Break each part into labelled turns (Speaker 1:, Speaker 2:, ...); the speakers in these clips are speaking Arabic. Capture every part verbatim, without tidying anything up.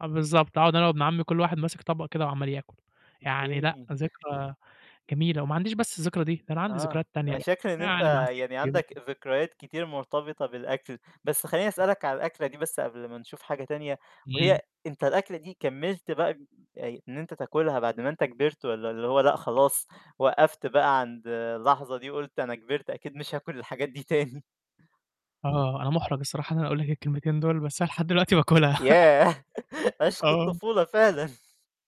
Speaker 1: آه بالضبط. أقعد أنا وابن عمي كل واحد ماسِك طبق كده وعَمَّال ياكل. يعني لأ
Speaker 2: أوكي.
Speaker 1: ذكرى جميلة وما عنديش بس الذكرى دي، ده أنا عندي
Speaker 2: آه.
Speaker 1: ذكريات تانية
Speaker 2: أنا
Speaker 1: بقى،
Speaker 2: فاكر إن أنت
Speaker 1: يعني مع ستي
Speaker 2: يعني
Speaker 1: بقى
Speaker 2: عندك ذكريات كتير مرتبطة بالأكل، بس خلّيني أسألك عن الأكلة دي بس قبل ما نشوف حاجة تانية،
Speaker 1: إمم.
Speaker 2: وهي أنت الأكلة دي كمّلت بقى آآ إن أنت تاكلها بعد ما أنت كِبِرت والّا اللي هو لأ خلاص وقّفت بقى عند اللحظة دي وقُلت أنا كِبِرت أكيد مش هاكل الحاجات دي تاني؟
Speaker 1: آه. أنا مُحرَج الصراحة إن أنا أقول لك الكلمتين دُول، بس أنا لحد دلوقتي باكلها.
Speaker 2: ياه! عشق
Speaker 1: آه.
Speaker 2: الطفولة فعلًا.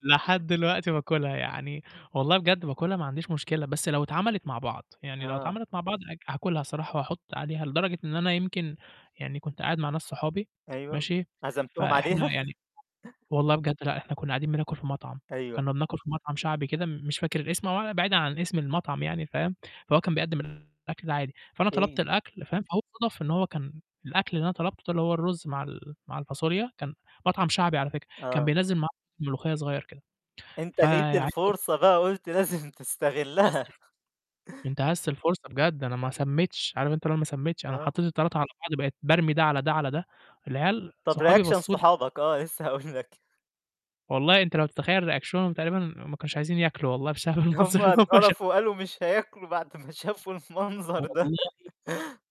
Speaker 1: لحد دلوقتي باكلها يعني، والله بجد باكلها ما عنديش مشكلة، بس لو اتعملت مع بعض، يعني لو
Speaker 2: آه.
Speaker 1: اتعملت مع بعض ها هاكلها صراحة وأحط عليها لدرجة إن أنا يمكن يعني كنت قاعد مع ناس صحابي،
Speaker 2: أيوه.
Speaker 1: ماشي،
Speaker 2: عزمتهم
Speaker 1: فإحنا
Speaker 2: عليها؟
Speaker 1: يعني والله بجد، لأ إحنا كنّا قاعدين بناكل في مَطعم،
Speaker 2: أيوه.
Speaker 1: كنّا بناكل في مَطعم شعبي كده مش فاكر الاسم أو بعيدًا عن اسم المَطعم يعني فاهم، فهو كان بيقدم الأكل ده عادي، فأنا طلبت
Speaker 2: أوكي.
Speaker 1: الأكل فاهم، فهو صادف إن هو كان الأكل اللي أنا طلبته ده اللي هو الرز مع ال مع الفاصوليا كان مَطعم شعبي على فكرة كان
Speaker 2: آه.
Speaker 1: بينزِّل معاه ملوخية صغير كده،
Speaker 2: أنت لقيت
Speaker 1: فعايز
Speaker 2: الفرصة
Speaker 1: [unintelligible]
Speaker 2: بقى قُلت لازم تستغلها.
Speaker 1: [unintelligible] انتهزت الفرصة بجد أنا ما سمّيتش، عارف أنت اللي هو ما سمّيتش، أنا
Speaker 2: آه.
Speaker 1: حطيت التلاتة على بعض بقيت بارمي ده على ده، على ده، العيال
Speaker 2: طَب
Speaker 1: صحابي
Speaker 2: reaction
Speaker 1: بصّوا لي ك
Speaker 2: صحابك؟ آه، لسه هاقول لك.
Speaker 1: والله أنت لو تتخيّل ريأكشنهم تقريبًا ما كانوش عايزين ياكلوا والله بسبب المنظر
Speaker 2: هُم
Speaker 1: اللي هُم
Speaker 2: اتقرفوا
Speaker 1: شافوه.
Speaker 2: وقالوا مش هياكلوا بعد ما شافوا المنظر ده.
Speaker 1: والله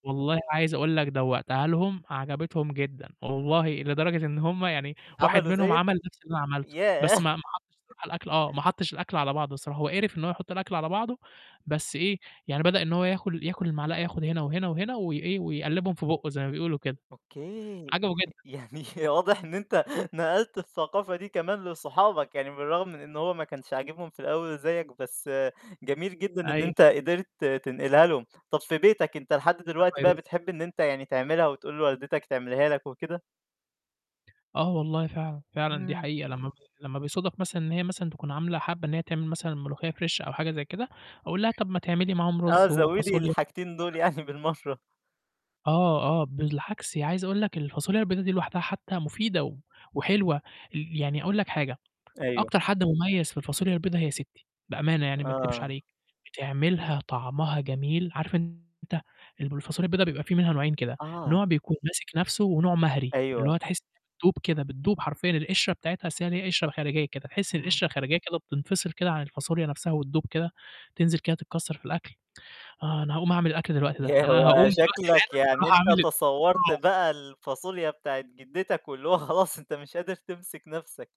Speaker 1: والله عايز أقول لك دوّقتها لهم عجبتهم جدًا، والله لدرجة إن هُم يعني واحد
Speaker 2: عملوا
Speaker 1: منهم
Speaker 2: زَيّك؟
Speaker 1: عَمَل نفْس اللي أنا عملته، بس
Speaker 2: ياه!
Speaker 1: ما ما حطّش [unintelligible] على الأكل آه، ما حطّش الأكل على بعضه الصراحة، هو قِرِف إن هو يحطّ الأكل على بعضه، بس إيه، يعني بدأ إن هو ياخل ياكل المعلقة ياخد هنا وهنا وهنا وي إيه، ويقلِّبهم في بُقّه زي ما بيقولوا كده.
Speaker 2: أوكي.
Speaker 1: عجبه جدًا.
Speaker 2: يعني واضح إن أنت نقلت الثقافة دي كمان لصحابك، يعني بالرغم من إن هو ما كانش عاجبهم في الأول زَيّك، بس جميل جدًا إن أنت
Speaker 1: أيوه.
Speaker 2: قدرت تنقلها لهم. طَب في بيتك أنت لحد
Speaker 1: [unintelligible]
Speaker 2: دلوقتي بقى
Speaker 1: فيروسي.
Speaker 2: بتحب إن أنت يعني تعملها وتقول لوالدتك تعملها لك وكده؟
Speaker 1: آه والله فعلًا، فعلًا دي
Speaker 2: إمم.
Speaker 1: حقيقة، لمّا ب لمّا بيصودف مثلًا إن هي مثلًا تكون عاملة حابّة إن هي تعمل مثلًا ملوخية fresh أو حاجة زي كده، أقول لها: "طَب ما تعملي معاهم
Speaker 2: آه،
Speaker 1: رز
Speaker 2: زوّدي
Speaker 1: وفاصوليا،"
Speaker 2: الحاجتين دُول
Speaker 1: [unintelligible]
Speaker 2: يعني بالمَرّة.
Speaker 1: آه، آه، بالعكس عايز أقول لك الفاصوليا البيضا دي لوحدها حتى مفيدة و وحلوة. ي يعني أقول لك حاجة،
Speaker 2: أيوه.
Speaker 1: أكتر حد مميز في الفاصوليا البيضا هي ستي، بأمانة يعني ما أكدبش
Speaker 2: آه
Speaker 1: عليك، بتعملها طعمها جميل، عارف أنت الب الفاصوليا البيضا بيبقى فيه منها نوعين كده،
Speaker 2: آه.
Speaker 1: نوع بيكون ماسِك نفْسه ونوع مهري، اللي
Speaker 2: أيوه.
Speaker 1: هو تحسّ إنّها بتدوب كده، بتدوب حرفيًا، القشرة بتاعتها أصل هي ليها قشرة خارجية كده، تحس إن
Speaker 2: آه.
Speaker 1: القشرة الخارجية كده بتنفصل كده عن الفاصوليا نفْسها وتدوب كده، تنزل كده تتكسّر في الأكل. آه، أنا هاقوم أعمل الأكْل دلوقتي ده،
Speaker 2: ياه!
Speaker 1: أنا هاقوم
Speaker 2: هو
Speaker 1: دلوقتي
Speaker 2: شكلك
Speaker 1: حالًا
Speaker 2: يعني
Speaker 1: أرُوح
Speaker 2: أنت
Speaker 1: أعمل
Speaker 2: تصوّرت
Speaker 1: آه.
Speaker 2: بقى الفاصوليا بتاعة جدتك واللي هو خلاص أنت مش قادر تمسك نفْسك.